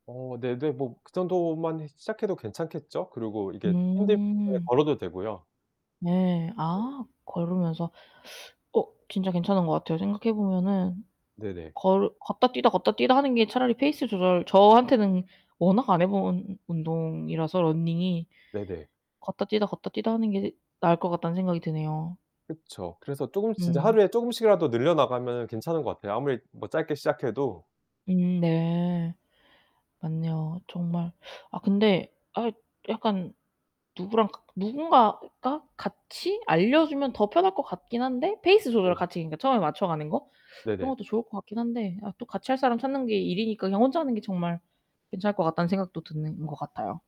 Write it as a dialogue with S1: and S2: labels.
S1: 어 네네. 뭐 그 정도만 해 시작해도 괜찮겠죠? 그리고 이게 힘들면은
S2: 음.
S1: 걸어도 되고요.
S2: 네.
S1: 네.
S2: 아 걸으면서. 어 진짜 괜찮은 것 같아요. 생각해 보면은
S1: 네네.
S2: 걸 걷다 뛰다, 걷다 뛰다 하는 게 차라리 페이스 조절 저한테는 워낙 안 해 본 운동이라서 런닝이
S1: 네네.
S2: 걷다 뛰다, 걷다 뛰다 하는 게 나을 것 같다는 생각이 드네요.
S1: 그쵸. 그래서 쪼금 진짜
S2: 음.
S1: 하루에 쪼금씩이라도 늘려나가면 괜찮은 것 같아요 아무리 뭐 짧게 시작해도.
S2: 음 네. 맞네요. 정말. 아 근데 아 이 약간 누구랑 가 누군가가 같이 알려 주면 더 편할 것 같긴 한데 페이스 조절을
S1: 네.
S2: 같이 그러니까 처음에 맞춰 가는 거 그런
S1: 네네.
S2: 것도 좋을 것 같긴 한데 아 또 같이 할 사람 찾는 게 일이니까 그냥 혼자 하는 게 정말 괜찮을 것 같다는 생각도 드는 것 같아요.